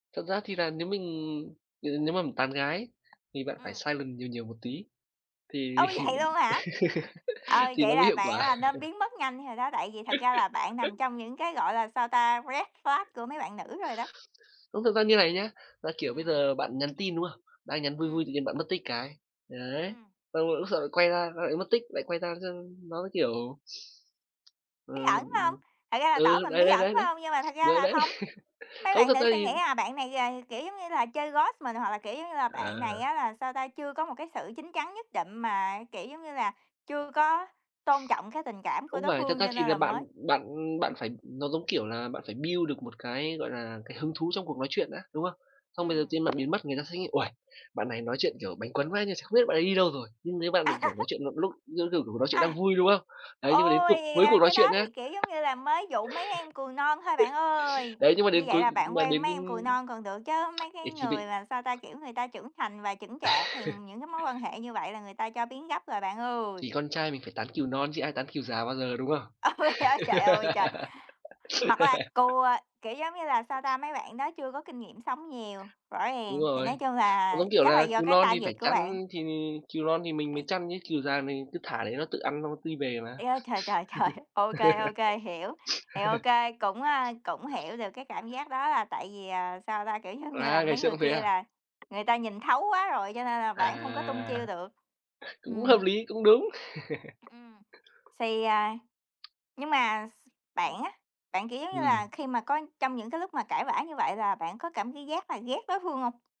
Thật ra thì là nếu mình n nếu mà mình tán gái thì bạn phải Ừm. silent nhiều nhiều một tí, thì Ôi, vậy luôn hả? Ừ, thì nó vậy mới là hiệu bạn quả. là nên biến mất nhanh rồi đó, tại vì thật ra là bạn nằm trong những cái, gọi là, sao ta, red flag của mấy bạn nữ rồi đó. Không, thực ra như này nhá, là, kiểu, bây Ừm. giờ bạn nhắn tin, đúng không? Đang nhắn vui vui Ừm. tự nhiên bạn mất tích cái. Đấy, Ừm. xong rồi lúc sau lại quay ra, lại mất tích, lại quay ra, xong nó, kiểu Bí ẩn, ừm, phải hông? Thật ra là ừ, tỏ ừ, mình đấy, bí đấy, ẩn, đấy, phải đấy, hông? Nhưng mà thật ra đ là đấy. không. Mấy Không, bạn thật nữ ra sẽ thì nghĩ là bạn này gà kiểu giống như là, chơi ghost mình, hoặc là, kiểu giống như là, bạn này À. á là, sao ta, chưa có một cái sự chín chắn nhất định mà, kiểu giống như là, chưa có tôn trọng cái tình cảm của Không đối phải, thật phương ra cho thì nên là là bạn mới bạn bạn ừm. phải nó giống kiểu là bạn phải build được một cái, gọi là, cái hứng thú trong cuộc nói chuyện đã, đúng không? Xong bây giờ Ừm. tự nhiên bạn biến mất, người ta sẽ nghĩ: "Uầy, bạn này nói chuyện, kiểu, bánh cuốn quá, nhưng ch không biết bạn ấy đi đâu rồi." Nhưng nếu bạn mà, kiểu, nói chuyện một lúc [unintelligible] kiểu, cuộc nói chuyện đang A! vui, đúng không? Đấy, nhưng mà đến Ôi cuộc cuối cuộc da! nói Cái chuyện đó nhá thì, kiểu, giống như là mới dụ mấy em cừu non thôi bạn ơi! đấy, nhưng mà Như đến vậy cuối là bạn mà quen đến mấy em cừu non còn được chớ, mấy ừ, cái thì bị người mà, sao ta, kiểu, người ta trưởng thành và chững chạc thì những cái mối quan hệ như vậy là người ta cho biến gấp rồi bạn ơi! Thì con trai mình phải tán cừu non chứ ai tán cừu già bao giờ, đúng không? Ôi, á, trời ơi, trời! Hoặc là cừu, à, kiểu giống như là, sao ta, mấy bạn đó chưa có kinh nghiệm sống nhiều, rõ Đúng ràng, thì rồi. nói chung Nó là giống kiểu chắc là là do cừu cái non thì phải target của bạn. chăn thì cừu non thì mình mới [unintelligible] chăn chứ, cừu già thì mình cứ thả để nó tự ăn xong nó ti về mà. Trời ơi, trời, trời, trời! OK, OK, hiểu, thì OK, cũng, a, cũng hiểu được cái cảm giác đó là tại vì, ờ, sao ta, kiểu, giống như là À, ngày mấy xưa người cũng thế kia à? là người ta nhìn thấu quá rồi cho nên là bạn không có tung À! chiêu được. Cũng hợp Ừm. lý, cũng đúng. Ừm. Xì, à nhưng mà s bạn á, bạn, kiểu giống như Ừm. là, khi mà có trong những cái lúc mà cãi vã như vậy là bạn có cảm thấy ghét là ghét đối phương hông?